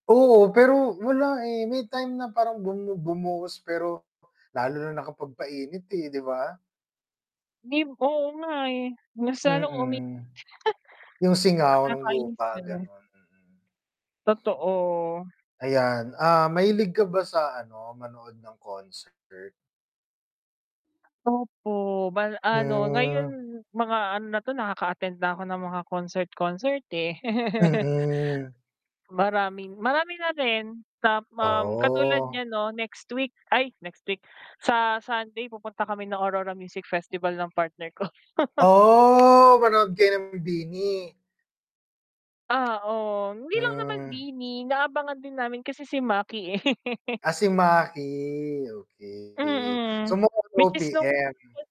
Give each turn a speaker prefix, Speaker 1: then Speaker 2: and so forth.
Speaker 1: Oo, pero wala eh, may time na parang bumu bumuhos pero, lalo na nakapag-painit, eh, 'di ba?
Speaker 2: Mib oo nga eh, mas lalo umi
Speaker 1: Mm. 'Yung singaw ng
Speaker 2: Nakakainis 'di
Speaker 1: lupa,
Speaker 2: ba?
Speaker 1: gano'n, mm.
Speaker 2: Totoo.
Speaker 1: Ayan, ah, mahilig ka ba sa ano, manood ng concert?
Speaker 2: Opo, bal ano ngayon
Speaker 1: Hmm.
Speaker 2: mga ano na 'to, nakaka-attend na ako ng mga concert-concert, eh.
Speaker 1: Mm.
Speaker 2: Maraming marami na rin ta um, katulad
Speaker 1: Oh.
Speaker 2: niyan 'no next week, ay next week, sa Sunday pupunta kami ng Aurora Music Festival ng partner ko.
Speaker 1: Oh! Manood kayo ng BINI?
Speaker 2: Oo. Hindi lang naman
Speaker 1: Hmm.
Speaker 2: BINI, inaabangan din namin kasi si Maki eh.
Speaker 1: Ah, si Maki, okey. So
Speaker 2: Mm,
Speaker 1: more on
Speaker 2: which is [unintelligible]
Speaker 1: OPM?